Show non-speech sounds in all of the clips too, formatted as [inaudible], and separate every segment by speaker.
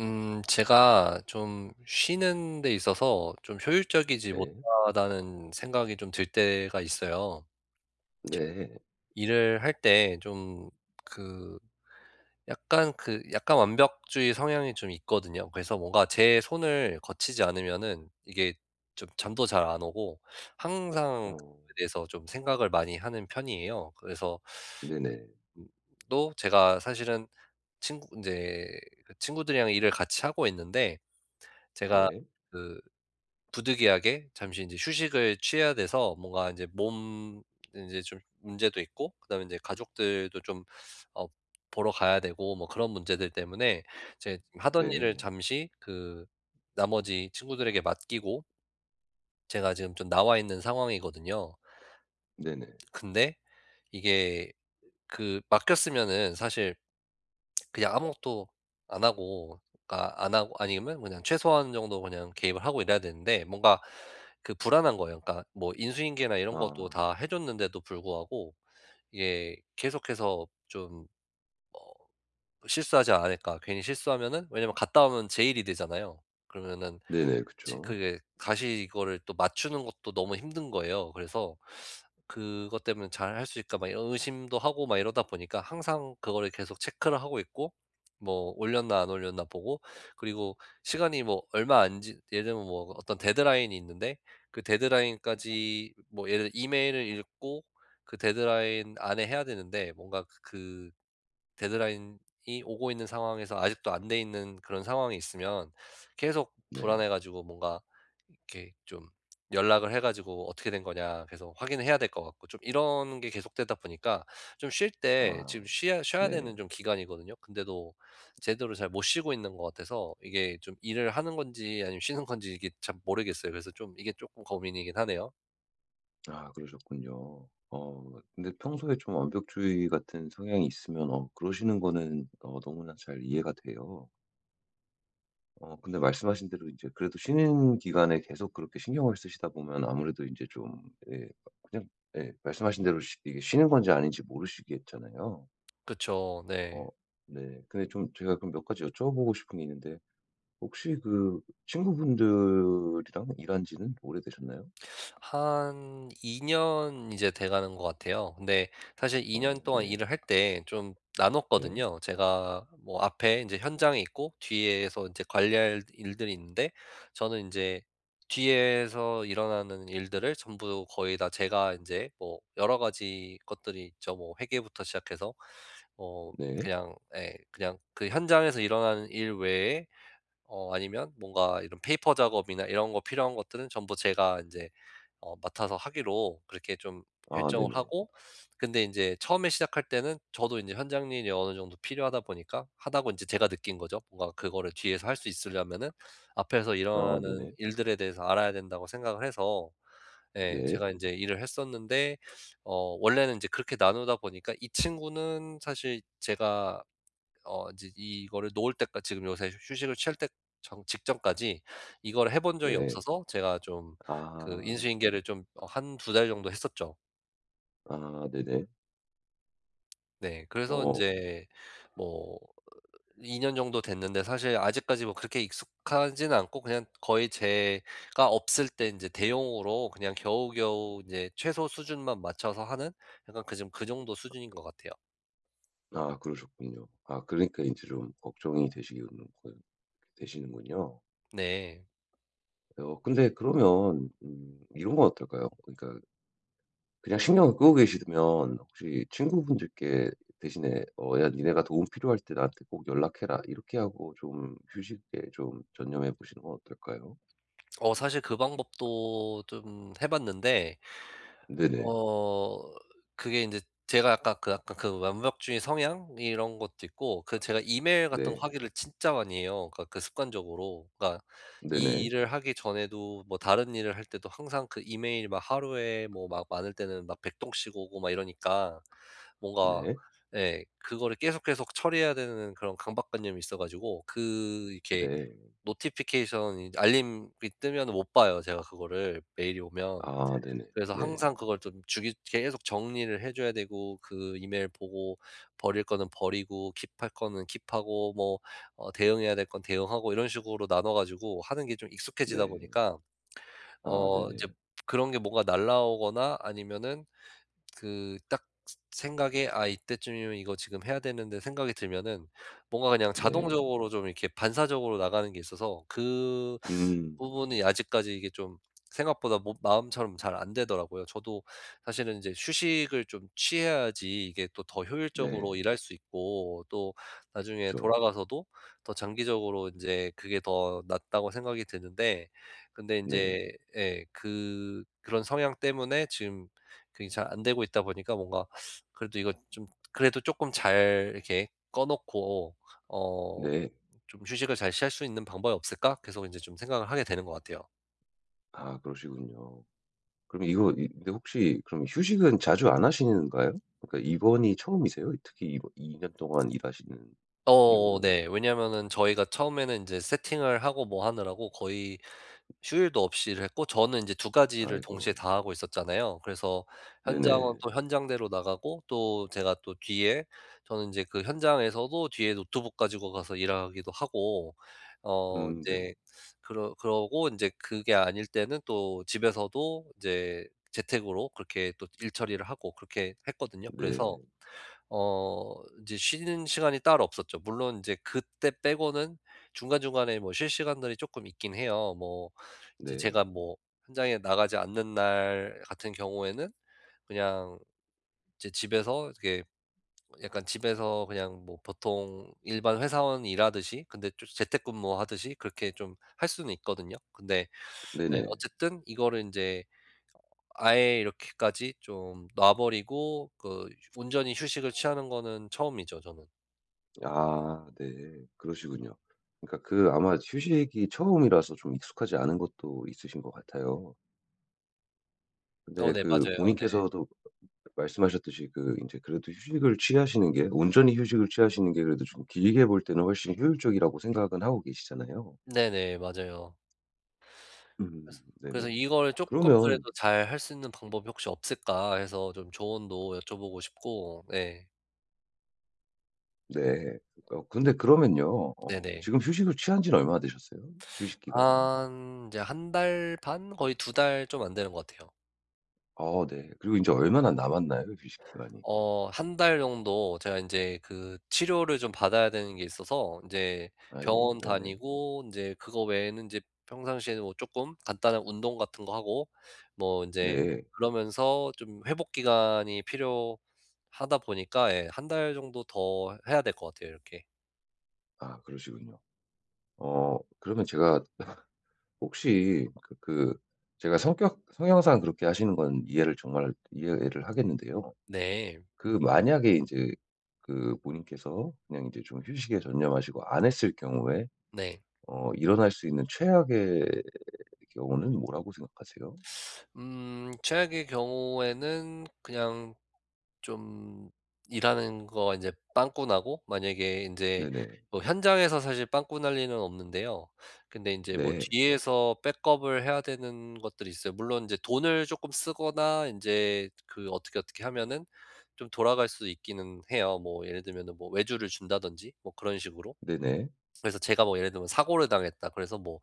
Speaker 1: 음 제가 좀 쉬는 데 있어서 좀 '효율적이지
Speaker 2: 네.
Speaker 1: 못하다.'는 생각이 좀 들 때가 있어요.
Speaker 2: 네.
Speaker 1: 일을 할 때 좀 그 약간 그 약간 완벽주의 성향이 좀 있거든요. 그래서 뭔가 제 손을 거치지 않으면은 이게 좀 잠도 잘 안 오고 항상
Speaker 2: 어.
Speaker 1: 그거에 대해서 좀 생각을 많이 하는 편이에요. 그래서
Speaker 2: 네네.
Speaker 1: 음. 또 제가 사실은 친구 이제 친구들이랑 일을 같이 하고 있는데 제가
Speaker 2: 네.
Speaker 1: 그 부득이하게 잠시 인제 휴식을 취해야 돼서 뭔가 이제 몸 인제 좀 문제도 있고 그다음에 이제 가족들도 좀 어 보러 가야 되고 뭐 그런 문제들 때문에 이제 하던 일을
Speaker 2: 네.
Speaker 1: 잠시 그 나머지 친구들에게 맡기고 제가 지금 좀 나와 있는 상황이거든요.
Speaker 2: 네네.
Speaker 1: [smacks lips] 근데 이게 그 맡겼으면은 사실. [smacks lips] 그냥 아무것도 안 하고 그러니까 안 하고 아니면 그냥 최소한 정도 그냥 개입을 하고 이래야 되는데 뭔가 그 불안한 거예요. 그러니까 뭐 인수인계나 이런 것도
Speaker 2: 아.
Speaker 1: 다 해 줬는데도 불구하고 이게 계속해서 좀 어 '실수하지 않을까?' 괜히 실수하면은 왜냐하면 갔다 오면 제 일이 되잖아요. 그러면은
Speaker 2: 네네.
Speaker 1: 지
Speaker 2: 그쵸.
Speaker 1: 그게 다시 이거를 또 맞추는 것도 너무 힘든 거예요. 그래서 그것 때문에 '잘할 수 있을까?' 막 이런 의심도 하고 막 이러다 보니까 항상 그거를 계속 체크를 하고 있고 뭐 올렸나 안 올렸나 보고 그리고 시간이 뭐 얼마 안 지 예를 들면 뭐 어떤 데드라인이 있는데 그 데드라인까지 뭐 예를 들어 이메일을 읽고 그 데드라인 안에 해야 되는데 뭔가 그 그 데드라인이 오고 있는 상황에서 아직도 안 돼 있는 그런 상황이 있으면 계속
Speaker 2: 네.
Speaker 1: 불안해 가지고 뭔가 이렇게 좀 연락을 해 가지고 "어떻게 된 거냐." 계속 확인을 해야 될 것 같고 좀 이런 게 계속되다 보니까 좀 쉴 때
Speaker 2: 아
Speaker 1: 지금 쉬야 쉬어야 되는
Speaker 2: 네.
Speaker 1: 좀 기간이거든요. 근데도 제대로 잘 못 쉬고 있는 것 같아서 이게 좀 일을 하는 건지 아니면 쉬는 건지 이게 참 모르겠어요. 그래서 좀 이게 쪼끔 고민이긴 하네요.
Speaker 2: 아 그러셨군요. 어 근데 평소에 좀 완벽주의 같은 성향이 있으면 어 그러시는 거는 어 너무나 잘 이해가 돼요. 어 근데 말씀하신 대로 이제 그래도 쉬는 기간에 계속 그렇게 신경을 쓰시다 보면 아무래도 인제 좀 예 뭐 그냥 예 말씀하신 대로 쉬 이게 쉬는 건지 아닌지 모르시겠잖아요.
Speaker 1: 그쵸.
Speaker 2: 어.
Speaker 1: 네.
Speaker 2: 네. 근데 좀 제가 좀 몇 가지 여쭤보고 싶은 게 있는데. 혹시 그 친구분들이랑 일한 지는 오래되셨나요?
Speaker 1: 한 2 년 이제 돼가는 것 같아요. 근데 사실 2 년
Speaker 2: 어
Speaker 1: 동안
Speaker 2: 네.
Speaker 1: 일을 할 때 좀
Speaker 2: 네.
Speaker 1: 나눴거든요. 제가 뭐 앞에 인제 현장에 있고 뒤에서 인제 관리할 일들이 있는데 저는 인제 뒤에서 일어나는 일들을 전부 거의 다 제가 인제 뭐 여러 가지 것들이 있죠. 뭐 회계부터 시작해서 뭐
Speaker 2: 네.
Speaker 1: 그냥 예 그냥 그 현장에서 일어나는 일 외에 어 아니면 뭔가 이런 페이퍼 작업이나 이런 거 필요한 것들은 전부 제가 인제 어 맡아서 하기로 그렇게 좀
Speaker 2: 아
Speaker 1: 결정을
Speaker 2: 네네.
Speaker 1: 하고 근데 인제 처음에 시작할 때는 저도 인제 현장 일이 어느 정도 필요하다 보니까 '하다.'고 인제 제가 느낀 거죠. 뭔가 그거를 뒤에서 할 수 있으려면은 '앞에서
Speaker 2: 아
Speaker 1: 일어나는
Speaker 2: 네네.
Speaker 1: 일들에 대해서 알아야 된다.'고 생각을 해서 네
Speaker 2: 네.
Speaker 1: 제가 인제 일을 했었는데 어 원래는 인제 그렇게 나누다 보니까 이 친구는 사실 제가 어 이제 이 이거를 놓을 때까 지금 요새 휴 휴식을 취할 때 전 직전까지 이거를 해 본 적이
Speaker 2: 네.
Speaker 1: 없어서 제가 좀 그
Speaker 2: 아.
Speaker 1: 인수인계를 좀 어 1-2 달 정도 했었죠.
Speaker 2: 아 네네.
Speaker 1: 네 그래서
Speaker 2: 어.
Speaker 1: 인제 뭐 으 2 년 정도 됐는데 사실 아직까지 뭐 그렇게 익숙하진 않고 그냥 거의 제가 없을 때 인제 대용으로 그냥 겨우겨우 인제 최소 수준만 맞춰서 하는 약간 그 정 그 정도 수준인 것 같아요.
Speaker 2: 아 그러셨군요. 아 그러니까 이제 좀 걱정이 되시겠는 거 되시는군요.
Speaker 1: 네.
Speaker 2: 네. 어 근데 그러면 음 이런 건 어떨까요? 그러니까 그냥 신경을 끄고 계시면 혹시 친구분들께 대신에 어 "야 니네가 도움 필요할 때 나한테 꼭 연락해라." 이렇게 하고 좀 휴식에 좀 전념해 보시는 건 어떨까요?
Speaker 1: [swallows] 어 사실 그 방법도 좀 해 봤는데
Speaker 2: 네네.
Speaker 1: 어 그게 인제 제가 아까 그 아까 그 완벽주의 성향 이런 것도 있고 그 제가 이메일 같은 거
Speaker 2: 네.
Speaker 1: 확인을 진짜 많이 해요. 그러니까 그 습관적으로. 그러니까 이
Speaker 2: 네네.
Speaker 1: 일을 하기 전에도 뭐 다른 일을 할 때도 항상 그 이메일이 막 하루에 뭐 막 많을 때는 막 100 통씩 오고 막 이러니까 뭔가
Speaker 2: 네.
Speaker 1: 예. 그거를 계속 계속 처리해야 되는 그런 강박 관념이 있어 가지고 그 이렇게
Speaker 2: 네.
Speaker 1: 노티피케이션 이제 알림이 뜨면은 못 봐요 제가 그거를 메일이 오면.
Speaker 2: 아 네네.
Speaker 1: 그래서
Speaker 2: 네.
Speaker 1: 항상 그걸 좀 주기 계속 정리를 해 줘야 되고 그 이메일 보고 버릴 거는 버리고 킵할 거는 킵하고 뭐 어 대응해야 될 건 대응하고 이런 식으로 나눠 가지고 하는 게 좀 익숙해지다
Speaker 2: 네.
Speaker 1: 보니까
Speaker 2: 아
Speaker 1: 어 이제
Speaker 2: 네네.
Speaker 1: 그런 게 뭐가 날아오거나 아니면은 그 딱 생 생각에 '아 이때쯤이면 이거 지금 해야 되는데.' 생각이 들면은 뭔가 그냥
Speaker 2: 네.
Speaker 1: 자동적으로 좀 이렇게 반사적으로 나가는 게 있어서 그
Speaker 2: 음.
Speaker 1: 부분이 아직까지 이게 좀 생각보다 뭐 마음처럼 잘 안되더라고요. 저도 사실은 인제 휴식을 좀 취해야지 이게 또 더 효율적으로
Speaker 2: 네.
Speaker 1: 일할 수 있고 또 나중에
Speaker 2: 그쵸.
Speaker 1: 돌아가서도 '더 장기적으로 인제 그게 더 낫다.'고 생각이 드는데 근데
Speaker 2: 네.
Speaker 1: 인제 예 그 그런 성향 때문에 지금 그게 잘 안되고 있다 보니까 뭔가 [sucks teeth] 그래도 이거 좀 그래도 쪼끔 잘 이렇게 꺼 놓고 어
Speaker 2: 네.
Speaker 1: '좀 휴식을 잘 취할 수 있는 방법이 없을까?' 계속 인제 좀 생각을 하게 되는 것 같아요.
Speaker 2: 아 그러시군요. 그럼 이거 이 근데 혹시 그럼 휴식은 자주 안 하시는가요? 그러니까 이번이 처음이세요? 특히 이번 이 2 년 동안 일하시는
Speaker 1: 어
Speaker 2: 이후로요?
Speaker 1: 네. 왜냐하면은 저희가 처음에는 인제 세팅을 하고 뭐 하느라고 거의 휴일도 없이 일했고 저는 이제 2 가지를 동시에
Speaker 2: 아이고.
Speaker 1: 다 하고 있었잖아요. 그래서 현장은
Speaker 2: 네네.
Speaker 1: 또 현장대로 나가고 또 제가 또 뒤에 저는 인제 그 현장에서도 뒤에 노트북 가지고 가서 일하기도 하고 어
Speaker 2: 음. 네네.
Speaker 1: 이제 그러 그러고 어 인제 그게 아닐 때는 또 집에서도 인제 재택으로 그렇게 또 일처리를 하고 그렇게 했거든요. 그래서
Speaker 2: 네.
Speaker 1: 어 이제 쉬는 시간이 따로 없었죠. 물론 이제 그때 빼고는 중간중간에 뭐 쉴 시간들이 쪼끔 있긴 해요. 뭐 이제
Speaker 2: 네.
Speaker 1: 제가 뭐 현장에 나가지 않는 날 같은 경우에는 그냥 이제 집에서 이렇게 약간 집에서 그냥 뭐 보통 일반 회사원이 일하듯이 근데 좀 재택근무 하듯이 그렇게 좀 할 수는 있거든요. 근데 예
Speaker 2: 네네.
Speaker 1: 어쨌든 이거를 인제 아예 이렇게까지 좀 놔 버리고 그 휴 온전히 휴식을 취하는 거는 처음이죠, 저는.
Speaker 2: 아 네. 그러시군요. 그러니까 그 아마 휴식이 처음이라서 좀 익숙하지 않은 것도 있으신 것 같아요.
Speaker 1: 어.
Speaker 2: 네.
Speaker 1: 네.
Speaker 2: 그
Speaker 1: 맞아요. 네.
Speaker 2: 본인께서도 그 말씀하셨듯이 그 인제 그래도 휴식을 취하시는 게 온전히 휴식을 취하시는 게 그래도 좀 길게 볼 때는 훨씬 효율적이라고 생각은 하고 계시잖아요.
Speaker 1: 네네. 맞아요.
Speaker 2: 음.
Speaker 1: 그래서,
Speaker 2: 네네.
Speaker 1: 그래서 이거를 쪼끔
Speaker 2: 그러면
Speaker 1: 그래도 '잘할 수 있는 방법이 혹시 없을까?' 해서 좀 조언도 여쭤보고 싶고. 예.
Speaker 2: 네. 그러니까 어 근데 그러면요. 어
Speaker 1: 네네.
Speaker 2: 지금 휴식을 취한 지는 얼마나 되셨어요? 휴식 기간이?
Speaker 1: 한 이제 1 달 반 거의 2 달 좀 안 되는 것 같아요.
Speaker 2: 아 네. 그리고 인제 얼마나 남았나요? 휴식 기간이?
Speaker 1: 어 1 달 정도 제가 인제 그 치료를 좀 받아야 되는 게 있어서 인제
Speaker 2: 아이고.
Speaker 1: 병원
Speaker 2: 네네.
Speaker 1: 다니고 인제 그거 외에는 인제 평상시에는 뭐 쪼끔 간단한 운동 같은 거 하고 뭐 인제
Speaker 2: 네.
Speaker 1: 그러면서 좀 회복 기간이 필요하다 보니까 예 1 달 정도 더 해야 될 것 같아요. 이렇게.
Speaker 2: 아 그러시군요. 어 그러면 제가 [coughs] 혹시 그 그 제가 성격 성향상 그렇게 하시는 건 이해를 정말 이해를 하겠는데요.
Speaker 1: 네.
Speaker 2: 그 만약에 인제 그 본인께서 그냥 인제 좀 휴식에 전념하시고 안 했을 경우에
Speaker 1: 네.
Speaker 2: 어 일어날 수 있는 최악의 경우는 뭐라고 생각하세요?
Speaker 1: 음 최악의 경우에는 그냥 좀 일하는 거 이제 빵꾸 나고 만약에 인제
Speaker 2: 네네.
Speaker 1: 뭐 현장에서 사실 빵꾸 날 리는 없는데요. 근데 이제 뭐
Speaker 2: 네.
Speaker 1: 뒤에서 백업을 해야 되는 것들이 있어요. 물론 이제 돈을 쪼끔 쓰거나 인제 그 어떻게, 어떻게 하면은 좀 돌아갈 수 있기는 해요. 뭐 예를 들면은 뭐 외주를 준다든지 뭐 그런 식으로.
Speaker 2: 네네.
Speaker 1: 그래서 제가 뭐 예를 들면 '사고를 당했다.' 그래서 뭐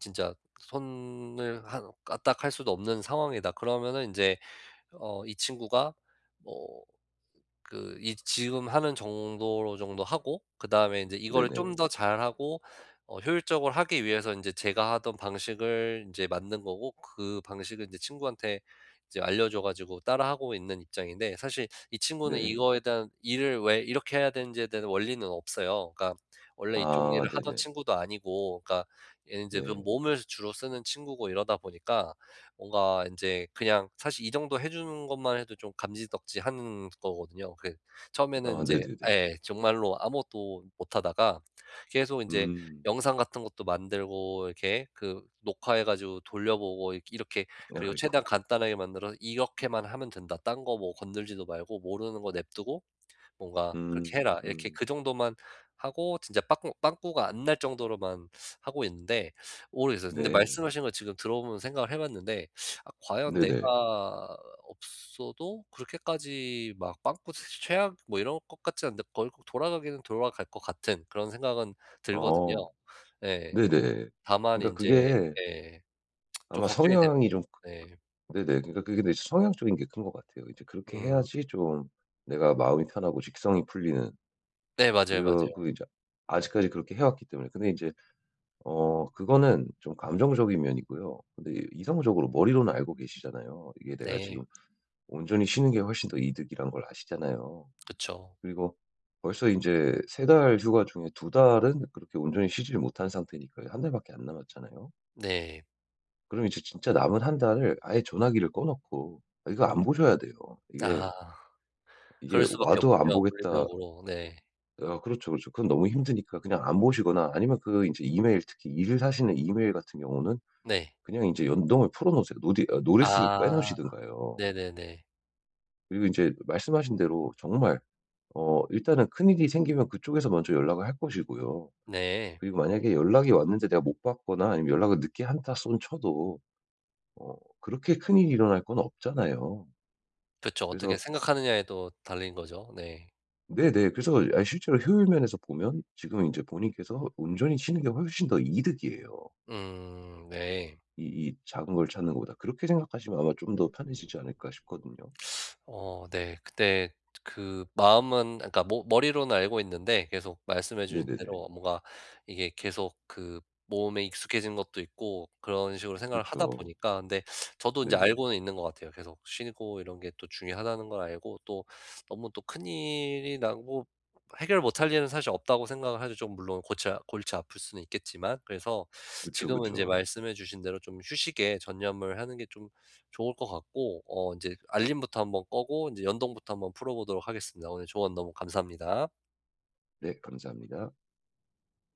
Speaker 1: 진짜 '손을 한 까딱할 수도 없는 상황이다.' 그러면은 인제 어 이 친구가 뭐 그 이 지금 하는 정도로 정도 하고 그다음에 이제 이거를 좀
Speaker 2: 네네.
Speaker 1: 더 잘하고 어 효율적으로 하기 위해서 인제 제가 하던 방식을 인제 만든 거고 그 방식을 이제 친구한테 이제 알려줘 가지고 따라 하고 있는 입장인데 사실 이 친구는
Speaker 2: 네.
Speaker 1: 이거에 대한 일을 왜 이렇게 해야 되는지에 대한 원리는 없어요. 그러니까 원래 이쪽
Speaker 2: 아
Speaker 1: 일을 하던
Speaker 2: 네네.
Speaker 1: 친구도 아니고 뭐 그러니까 얘는 이제 그
Speaker 2: 네.
Speaker 1: 몸을 주로 쓰는 친구고 이러다 보니까 뭔가 인제 그냥 사실 이 정도 해주는 것만 해도 좀 감지덕지하는 거거든요. 그 처음에는
Speaker 2: 아
Speaker 1: 이제
Speaker 2: 네네네.
Speaker 1: 예. 정말로 아무것도 못하다가 계속 인제
Speaker 2: 음.
Speaker 1: 영상 같은 것도 만들고 이렇게 그 녹화해 가지고 돌려보고 이 이렇게 그리고
Speaker 2: 아이고.
Speaker 1: 최대한 간단하게 만들어서 "이렇게만 하면 된다. 딴 거 뭐 건드리지도 말고 모르는 거 내버려 두고 뭔가 그렇게
Speaker 2: 음
Speaker 1: 해라." 이렇게
Speaker 2: 음.
Speaker 1: 그 정도만 하고 진짜 빠꾸 빵꾸가 안 날 정도로만 하고 있는데 모르겠어요. 근데
Speaker 2: 네.
Speaker 1: 말씀하신 거 지금 들어보면서 생각을 해 봤는데 아 과연
Speaker 2: 네네.
Speaker 1: 내가 없어도 그렇게까지 막 빵꾸 사실 최악 뭐 이럴 것 같지 않은데 거의 돌아가기는 돌아갈 것 같은 그런 생각은 들거든요.
Speaker 2: 어.
Speaker 1: 네.
Speaker 2: 네네.
Speaker 1: 다만
Speaker 2: 그러니까
Speaker 1: 인제
Speaker 2: 그게
Speaker 1: 예. [tsk] 좀
Speaker 2: 아마
Speaker 1: 걱정이 되
Speaker 2: 성향이 좀 그
Speaker 1: 네.
Speaker 2: 그 네네. 그러니까 그게 되게 성향적인 게 큰 것 같아요. 이제 그렇게
Speaker 1: 음.
Speaker 2: 해야지 좀 내가 마음이 편하고 직성이 풀리는.
Speaker 1: 네 맞아요,
Speaker 2: 그러
Speaker 1: 맞아요.
Speaker 2: 그 이제 아직까지 그렇게 해 왔기 때문에. 근데 이제 어 그거는 좀 감정적인 면이고요. 근데 이성적으로 머리로는 알고 계시잖아요. 이게 내가 지금
Speaker 1: 네.
Speaker 2: 온전히 쉬는 게 훨씬 더 이득이란 걸 아시잖아요.
Speaker 1: 그쵸.
Speaker 2: 그리고 벌써 인제 3 달 휴가 중에 2 달은 그렇게 온전히 쉬지를 못한 상태니까요. 1 달밖에 안 남았잖아요.
Speaker 1: 네.
Speaker 2: 그럼 이제 진짜 남은 1 달을 아예 전화기를 꺼놓고 아 이거 안 보셔야 돼요. 이게
Speaker 1: 아 그럴
Speaker 2: '이게
Speaker 1: 수밖에
Speaker 2: 와도 안
Speaker 1: 없군요,
Speaker 2: 보겠다'
Speaker 1: 물리적으로. 네.
Speaker 2: 아 그렇죠, 그렇죠. 그건 너무 힘드니까 그냥 안 보시거나 아니면 그 인제 이메일 특히 일을 하시는 이메일 같은 경우는
Speaker 1: 네.
Speaker 2: 그냥 인제 연동을 풀어놓으세요. 노디 아 노티스를
Speaker 1: 아. 네네네.
Speaker 2: 빼놓으시든가요. 그리고 인제 말씀하신 대로 정말 어 일단은 큰일이 생기면 그쪽에서 먼저 연락을 할 것이고요.
Speaker 1: 네.
Speaker 2: 그리고 만약에 연락이 왔는데 내가 못 받거나 아니면 연락을 늦게 한다손 쳐도 어 그렇게 큰일이 일어날 건 없잖아요.
Speaker 1: 그쵸. 어떻게
Speaker 2: 그래서
Speaker 1: 생각하느냐에 또 달린 거죠. 네.
Speaker 2: 네네. 그래서 아 이 실제로 효율 면에서 보면 지금 인제 본인께서 온전히 쉬는 게 훨씬 더 이득이에요.
Speaker 1: 음. 네.
Speaker 2: 이 이 작은 걸 찾는 것보다. '그렇게 생각하시면 아마 좀 더 편해지지 않을까?' 싶거든요.
Speaker 1: [sucks teeth] 어 네. 근데 저 그 마음은 그러니까 머 머리로는 알고 있는데 계속 말씀해 주신
Speaker 2: 네네네.
Speaker 1: 대로 뭔가 이게 계속 그 몸에 익숙해진 것도 있고 그런 식으로 생각을 하다
Speaker 2: 그렇죠.
Speaker 1: 보니까 근데 저도 이제
Speaker 2: 네네.
Speaker 1: 알고는 있는 것 같아요. 계속 '쉬고 이런 게 또 중요하다.'는 걸 알고 또 '너무 또 큰일이 나고 해결 못 할 일은 사실 없다.'고 생각을 하죠. 좀 물론 골치 골치 아플 수는 있겠지만. 그래서
Speaker 2: 그쵸,
Speaker 1: 지금은 이제
Speaker 2: 그쵸.
Speaker 1: 말씀해 주신 대로 좀 휴식에 전념을 하는 게 좀 좋을 것 같고 어 이제 알림부터 한번 끄고 이제 연동부터 한번 풀어 보도록 하겠습니다. 오늘 조언 너무 감사합니다.
Speaker 2: 네. 감사합니다.